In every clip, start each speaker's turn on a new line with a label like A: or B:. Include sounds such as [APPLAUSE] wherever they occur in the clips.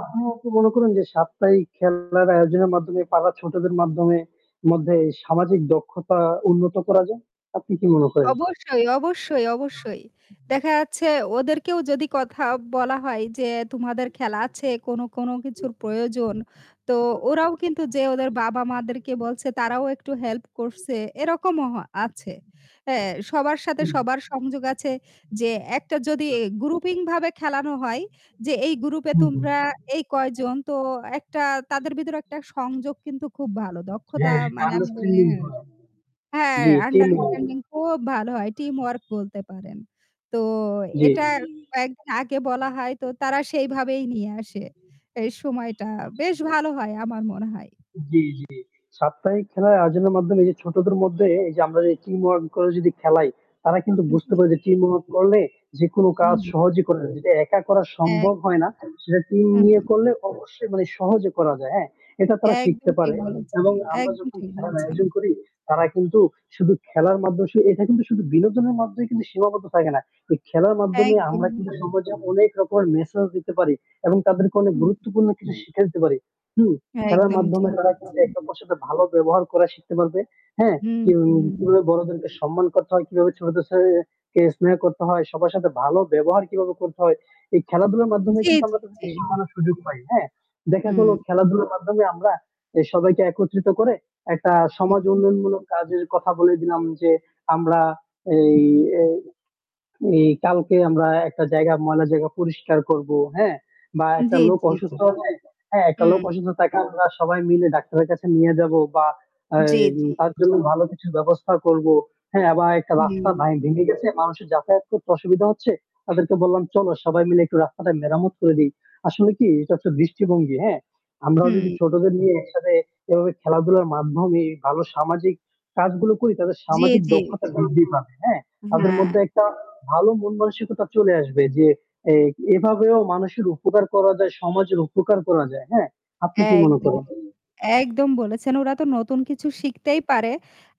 A: আপনিও কি মনে করেন যে সাপ্তাহিক খেলার আয়োজনের মাধ্যমে পাড়ার ছোটদের মাধ্যমে মধ্যে সামাজিক দক্ষতা উন্নত করা যায়। আপনি কি মনে করেন?
B: অবশ্যই, অবশ্যই, অবশ্যই, দেখা যাচ্ছে ওদেরকেও যদি কথা বলা হয় যে তোমাদের খেলা আছে কোনো কোনো কিছুর প্রয়োজন, তো ওরাও কিন্তু যেয়ে ওদের বাবা মাদেরকে বলছে তারাও একটু হেল্প করছে এরকমও হ আছে হ্যাঁ সবার সাথে
A: হুম।
B: সবার সংযোগ আছে যে একটা যদি গ্রুপিংভাবে খেলানো হয় যে এই গ্রুপে
A: হুম, হুম।
B: তোমরা এই কয়জন তো একটা তাদের ভিতরে একটা সংযোগ কিন্তু খুব ভালো দক্ষতা
A: হ্যাঁ, এটা
B: মানে আমি মানে আমি বলি
A: আন্ডারস্ট্যান্ডিং হয়।
B: হ্যাঁ
A: জি টিম ওয়াইজ।
B: আন্ডারস্ট্যান্ডিং
A: [UNINTELLIGIBLE]
B: খুব ভালো হয়। টিমওয়র্ক বলতে পারেন। তো
A: জি।
B: এটা কয়েকদিন আগে বলা হয় তো তারা সেইভাবেই নিয়ে আসে। এই সময়টা বেশ ভালো হয় আমার মনে হয়।
A: জি, জি সাপ্তাহিক খেলার আয়োজনের মাধ্যমে যে ছোটদের মধ্যে এই যে আমরা যে টিমওয়ার্ক করে যদি খেলাই তারা কিন্তু বুঝতে
B: জি।
A: পারে যে টিমওয়ার্ক করলে যেকোনো
B: হু,
A: কাজ
B: হু।
A: সহজেই করা যায়। যেটা একা করা
B: এক
A: সম্ভব হয় না সেটা টিম
B: হু,
A: নিয়ে
B: হু।
A: করলে অবশ্যই মানে সহজে করা যায় হ্যাঁ এটা তারা শিখতে
B: একদম
A: পারে।
B: ঠিক বলেছেন,
A: এবং আমরা
B: একদম
A: যখন
B: ঠিক
A: খেলার
B: বলেছেন।
A: আয়োজন করি তারা কিন্তু শুধু খেলার মাধ্যমে সু এটা কিন্তু শুধু বিনোদনের মাধ্যমে কিন্তু সীমাবদ্ধ থাকে না তো খেলার মাধ্যমে আমরা
B: একদমই।
A: কিন্তু সমাজে অনেক রকমের মেসেজ দিতে পারি এবং তাদেরকে অনেক
B: হুম।
A: গুরুত্বপূর্ণ কিছু শিক্ষা দিতে পারি। হুম, খেলার
B: একদম
A: মাধ্যমে
B: ঠিক
A: তারা কিন্তু
B: বলেছেন।
A: একে অপরের সাথে ভালো ব্যবহার করা শিখতে পারবে। হ্যাঁ?
B: হুম,
A: এবং
B: হুম।
A: কিভাবে বড়দেরকে সম্মান করতে হয়, কিভাবে ছোটদের সেহে সে স্নেহ করতে হয়, সবার সাথে ভালো ব্যবহার কিভাবে করতে হয়। এই খেলাধুলার মাধ্যমে
B: জি,
A: কিন্তু
B: জি,
A: আমরা
B: জি।
A: তাদেরকে শিখানোর সুযোগ পাই হ্যাঁ? দেখা গেল
B: হুম।
A: খেলাধুলার মাধ্যমে আমরা সবাইকে একত্রিত করে একটা সমাজ
B: [UNINTELLIGIBLE]
A: উন্নয়নমূলক কাজের কথা বলে দিলাম যে আমরা এই এই কালকে আমরা একটা জায়গা ময়লার জায়গা পরিষ্কার করব, হ্যাঁ, বা একটা
B: জি,
A: লোক
B: জি, জি।
A: অসুস্থ হলে হ্যাঁ একটা লোক
B: হুম।
A: অসুস্থ থাকে আমরা সবাই মিলে ডাক্তারের কাছে নিয়ে যাব বা
B: জি,
A: এই
B: জি।
A: তার জন্য ভালো কিছু ব্যবস্থা করব হ্যাঁ? বা একটা
B: হুম।
A: রাস্তা ভ্যা ভেঙে গেছে। মানুষের যাতায়াত করতে অসুবিধা হচ্ছে। তাদেরকে বললাম চলো সবাই মিলে একটু রাস্তাটা মেরামত করে দি। আসলে কি এটা হচ্ছে দৃষ্টিভঙ্গি, হ্যাঁ? আমরাও যদি
B: হুম।
A: ছোটদের নিয়ে একসাথে এভাবে খেলাধুলার মাধ্যমে ভালো সামাজিক কাজগুলো করি তাদের
B: জি,
A: সামাজিক
B: জি।
A: দক্ষতা বৃদ্ধি পাবে হ্যাঁ, তাদের
B: হ্যাঁ,
A: মধ্যে একটা
B: [UNINTELLIGIBLE]
A: ভালো মন মানসিকতা চলে আসবে যে এ এভাবেও মানুষের উপকার করা যায়, সমাজের উপকার করা যায়। হ্যাঁ? আপনি কি মনে
B: একদমই,
A: করেন?
B: একদম বলেছেন ওরা তো নতুন কিছু শিখতেই পারে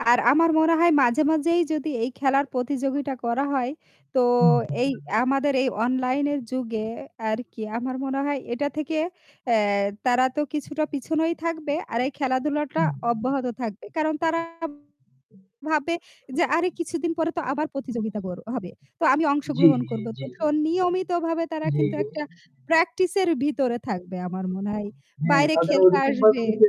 B: আর আমার মনে হয় মাঝে, মাঝেই যদি এই খেলার প্রতিযোগিতা করা হয় তো
A: হুম, হুম,
B: এই
A: হুম।
B: আমাদের এই অনলাইনের যুগে আরকি আমার মনে হয় এটা থেকে অ্যা তারা তো কিছুটা পিছনেই থাকবে আর এই খেলাধুলাটা
A: হুম।
B: অব্যাহত থাকবে কারণ তারা ভাববে যে আরে কিছুদিন পরে তো আবার প্রতিযোগিতা কর হবে। তো আমি
A: জি,
B: অংশগ্রহণ
A: জি,
B: করব।
A: জি।
B: তো তখন নিয়মিতভাবে তারা
A: জি,
B: কিন্তু
A: জি।
B: একটা প্র্যাকটিস এর ভিতরে থাকবে আমার মনে হয়।
A: হ্যাঁ
B: বাইরে
A: তাদের
B: খেলতে
A: ওইরকম ভাবে
B: আসবে
A: বললে